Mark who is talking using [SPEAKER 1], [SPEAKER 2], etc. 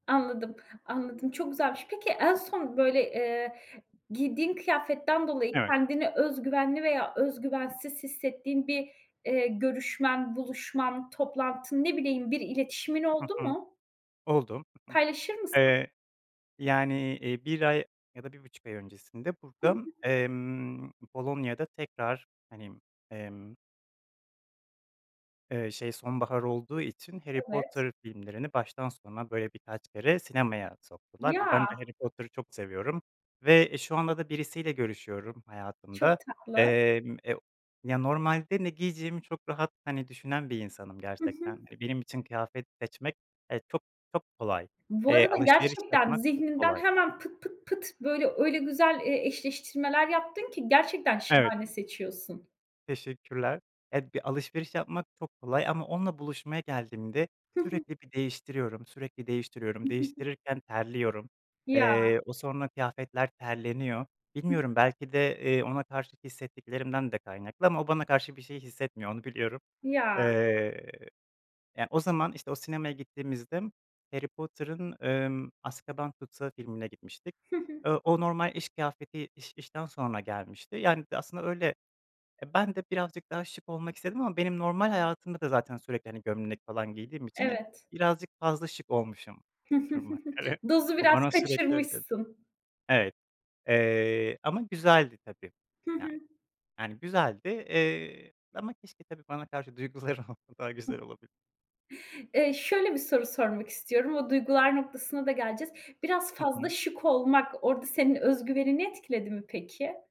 [SPEAKER 1] Anladım, anladım çok güzelmiş. Peki en son böyle, eee, giydiğin kıyafetten dolayı
[SPEAKER 2] Evet.
[SPEAKER 1] kendini öz güvenli veya öz güvensiz hissettiğin bir, eee, görüşmen, buluşman, toplantın ne bileyim bir iletişimin
[SPEAKER 2] Hı
[SPEAKER 1] oldu
[SPEAKER 2] hı.
[SPEAKER 1] mu?
[SPEAKER 2] Oldu. Hı hı.
[SPEAKER 1] Paylaşır mısın?
[SPEAKER 2] Eee, yani, eee, 1 ay ya da 1,5 ay öncesinde
[SPEAKER 1] Hı hı.
[SPEAKER 2] burada, emm, Polonya'da tekrar, hani, emm Eee, şey sonbahar olduğu için Harry
[SPEAKER 1] Evet.
[SPEAKER 2] Potter filmlerini baştan sona böyle birkaç kere sinemaya soktular ve ben de
[SPEAKER 1] Ya.
[SPEAKER 2] Harry Potter'ı çok seviyorum ve, eee, şu anda da birisiyle görüşüyorum
[SPEAKER 1] Çok
[SPEAKER 2] hayatımda.
[SPEAKER 1] tatlı.
[SPEAKER 2] Emm, eee, ya, normalde ne giyeceğimi çok rahat, hani, düşünen bir insanım
[SPEAKER 1] Hı hı.
[SPEAKER 2] gerçekten. E, benim için kıyafet seçmek, eee, çok çok kolay,
[SPEAKER 1] Bu
[SPEAKER 2] eee,
[SPEAKER 1] arada
[SPEAKER 2] alışveriş
[SPEAKER 1] gerçekten
[SPEAKER 2] yapmak çok
[SPEAKER 1] zihninden
[SPEAKER 2] kolay.
[SPEAKER 1] hemen pıt, pıt, pıt böyle öyle güzel, eee, eşleştirmeler yaptın ki gerçekten
[SPEAKER 2] Evet.
[SPEAKER 1] şahane seçiyorsun.
[SPEAKER 2] Teşekkürler. Ya, bir alışveriş yapmak çok kolay ama onunla buluşmaya geldiğimde
[SPEAKER 1] Hı hı.
[SPEAKER 2] sürekli bir değiştiriyorum, sürekli değiştiriyorum, değiştirirken terliyorum.
[SPEAKER 1] Ya.
[SPEAKER 2] Eee, o sonra kıyafetler terleniyor.
[SPEAKER 1] Hıh.
[SPEAKER 2] Bilmiyorum belki de, eee, ona karşı hissettiklerimden de kaynaklı ama o bana karşı bir şey hissetmiyor onu biliyorum.
[SPEAKER 1] Ya.
[SPEAKER 2] Eee, yani, o zaman, işte, o sinemaya gittiğimizde Harry Potter'ın, emm, Azkaban Tutsağı filmine gitmiştik.
[SPEAKER 1] Hı hı.
[SPEAKER 2] Eee, o normal iş kıyafeti iş işten sonra gelmişti. Yani, d aslında öyle, e, ben de birazcık daha şık olmak istedim ama benim normal hayatımda da zaten sürekli, hani, gömlek falan giydiğim için hep
[SPEAKER 1] Evet.
[SPEAKER 2] birazcık fazla şık olmuşum duruma göre.
[SPEAKER 1] Dozu
[SPEAKER 2] O
[SPEAKER 1] biraz
[SPEAKER 2] bana sürekli öyle dedi.
[SPEAKER 1] kaçırmışsın.
[SPEAKER 2] Evet, eee, ama güzeldi tabii,
[SPEAKER 1] Hı
[SPEAKER 2] yani.
[SPEAKER 1] hı.
[SPEAKER 2] Yani, güzeldi, eee, ama keşke tabii bana karşı duyguları olsa daha güzel
[SPEAKER 1] [unintelligible]
[SPEAKER 2] olabilir.
[SPEAKER 1] Eee, şöyle bir soru sormak istiyorum. O duygular noktasına da geleceğiz. Biraz
[SPEAKER 2] Hı
[SPEAKER 1] fazla
[SPEAKER 2] hı.
[SPEAKER 1] şık olmak orada senin öz güvenini etkiledi mi peki?